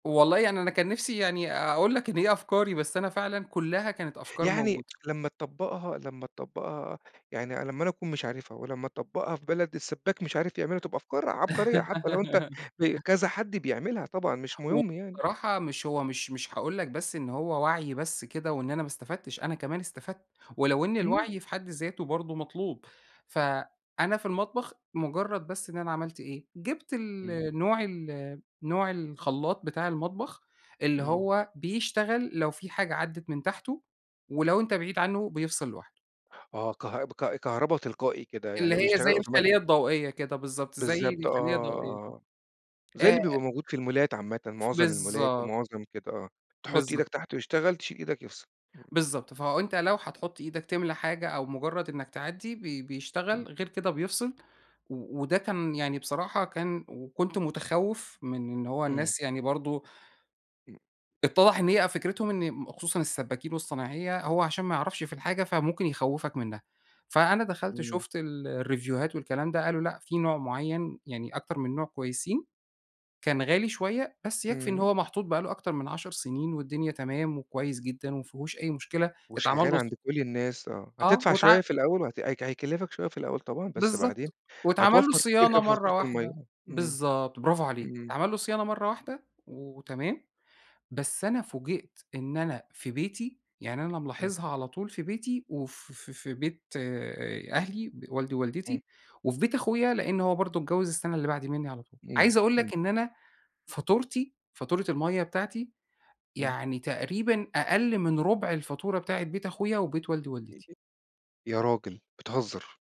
والله يعني أنا كان نِفسي يعني أقول لك إن هي أفكاري، بس أنا فعلًا كلّها كانت أفكار يعني موجودة. لمّا تطبّقها لمّا تطبّقها يعني أنا لمّا أنا أكون مش عارفها ولمّا تطبّقها في بلد السبّاك مش عارف يعملها، تبقى أفكار عبقرية حتى لو أنت ب كذا حد بيعملها طبعًا، مش مُهم يعني. وبصراحة مش هو مش مش هاقول لك بس إن هو وعْي بس كده وإن أنا ما استفدتش، أنا كمان استفدت، ولو إن إمم. الوعي في حد ذاته برضه مطلوب، ف أنا في المطبخ مجرّد بس إن أنا عملت إيه، جِبت ال إمم. نوع، ال نوع الخلّاط بتاع المطبخ اللي إمم. هو بيشتغل لو في حاجة عدّت من تحته ولو أنت بعيد عنّه بيفصِل لوحده. آه كه ب ك كهربا تلقائي كده، اللي يعني هي زي بيشتغل automatic. الخليّة الضوئية كده بالضبط، زي بالضبط، آه، الخليّة الضوئية، آه. آه، زي اللي آآ بيبقى موجود في المولات عامةً، ف مُعظَم المولات بالضبط. ومُعظَم كده، آه، تحُط بالضبط. إيدك تحت يشتغل، تشيل إيدك يفصِل. إمم. بالضبط، فأنت لو هتحُط إيدك تملى حاجة أو مجرّد إنَّك تعدّي ب إمم. بيشتغل، غير كده بيفصِل و وده كان يعني بصراحة، كان وكنت متخوّف من إن هو إمم. الناس يعني برضه إمم. اتّضح إن هي أ فكرتهم إن خصوصًا السبّاكين والصنايعية هو علشان ما يعرَفش في الحاجة فممكن يخوّفك منّها، فأنا دخَلت إمم. شوفت ال الريفوهات والكلام ده، قالوا لأ، في نوع معيّن، يعني أكتر من نوع كويسين، كان غالي شوية، بس يكفِي إن إمم. هو محطوط بقى له أكتر من 10 سنين والدنيا تمام وكويس جدًا ومافيهوش أي مشكلة، اتعمل وشغّال له ص عَند كلّ الناس، آه، اه، هتدفَع واتع شوية في الأول وهت هي هيكلّفك شوية في الأول طبعًا، بس بعدين بالضبط. واتعمل له هتوفّر كتير صيانة أوي في مرَّة فاتورة المَيّة. واحدة. إمم، بالضبط، برافو عليك، إمم. اتعمل له صيانة مرَّة واحدة وتمام. بس أنا فوجِئت إن أنا في بيتي يعني أنا إمم. ملاحظها على طول في بيتي وف في في بيت آآ أهلي، ب والدي إمم. ووالدتي وفي بيت أخويا لأن هو برضه اتجوّز السَّنة اللي بَعد مِنّي على طول، إمم، عايز أقول إمم. لك إن أنا فاتورتي فاتورة المَيّة بتاعتي إمم. يعني تقريبًا أقل من رُبع الفاتورة بتاعت بيت أخويا وبيت والدي ووالدتي. [unintelligible] يا راجل، بتهزّر!